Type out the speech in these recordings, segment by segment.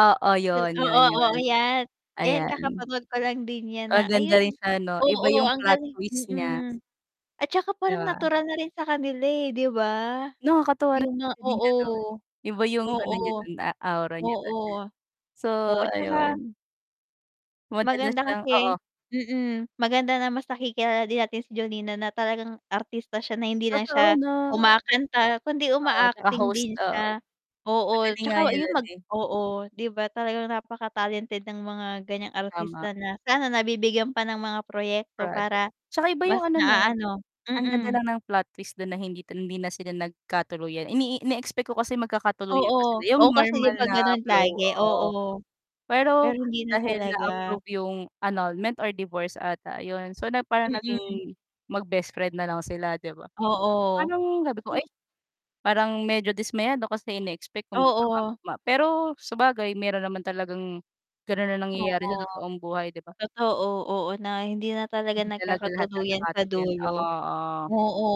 Oo, Pin yun, oo, yun, oo, yun. 'yan. Yan Ayan. kakapanood ko lang din yan, na Maganda ayun rin siya 'no, oo, iba yung ang plot galing twist niya. mm, at saka 'Di parang ba? natural na rin sa kanila, eh, 'di ba? Nakakatuwa rin Yung nga si Jolina dun. oo. Iba yung Oo, ano niya dun a aura niya oo. dun. So, Oo at tsaka ayun. Madalas maganda siyang oo. kasi mm, maganda na mas nakikilala din natin si Jolina na talagang artista siya na hindi lang Totoo siya 'no. kumakanta kundi O oo. Tsaka uma-acting host, din oo. siya. Ang Oo, galing nga 'tsaka niya yun dun, mag eh. oo, 'di ba, talagang napaka talented ng mga ganiyang Tama. artista na sana nabibigyan pa ng mga proyekto Project. para 'Tsaka iba yung mas ano 'no na-aano ang ganda mm. lang ng plot twist dun na hindi ta hindi na sila nagkatuluyan. Ini ine-expect ko kasi magkakatuluyan Oo. pa sila, eh, yung Oh, kasi di normal ba na ganun flow, lagi, oo. oo. Pero Pero hindi na dahil talaga. na-approve yung annulment or divorce, ata yun. So, na parang Mm. naging mag-bestfriend na lang sila, 'di ba? Oo. Parang sabi ko, "Ay," parang medyo dismayado kasi ine-expect kong Oo. magkakatugma, pero sabagay meron naman talagang gano'n na nangyayari sa Oo, totoong buhay, 'di ba? totoo. Oo, na hindi na talaga Hindi talaga lahat nagkakatuluyan sa nagkakatuluyan dulo. oo. Oo.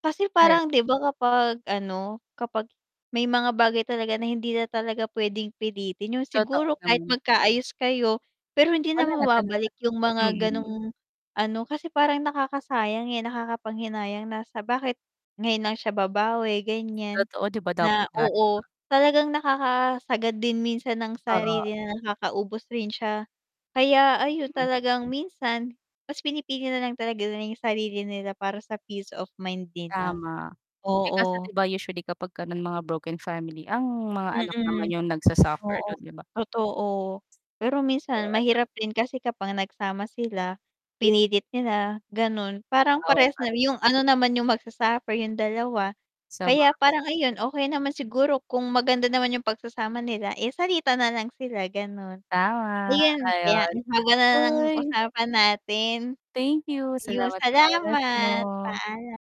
Kasi Ay parang di ba, kapag ano, kapag may mga bagay talaga na hindi na talaga puwedeng pilitin. Yung Totoo siguro kahit naman. magkaayos kayo, pero hindi na Wala na talaga, mababalik yung mga mm. gano'ng ano, kasi parang nakakasayang, eh, nakakapanghinayang na sa bakit ngayon lang siya babawi ganiyan, Totoo, 'di ba dapat na dati oo. pa. Talagang nakakasagad din minsan ng Oo. sarili na nakakaubos rin siya. Kaya ayun Mm. talagang minsan mas pinipili nalang talaga nila yung sarili nila para sa peace of mind nila, Tama. Eh, kaso oo. 'di ba, usually kapag ka mga broken family, ang mga anak naman Mm. yung nagsa-suffer Oo, dun, di ba? totoo. Pero minsan [unintelligible] mahirap din kasi kapag nagsama sila, pinilit nila, gano'n, parang Nag-aaway parehas pa na rin. yung ano naman yung magsa-suffer yung dalawa. Kaya parang Sabagay. ayun, okey naman siguro kung maganda naman yung pagsasama nila, eh, salitan na lang sila gano'n. Tama, Ayun kaya ayon, ang haba na ng hoy. usapan natin. Thank you, Ayun, salamat sa oras salamat, mo. paalam.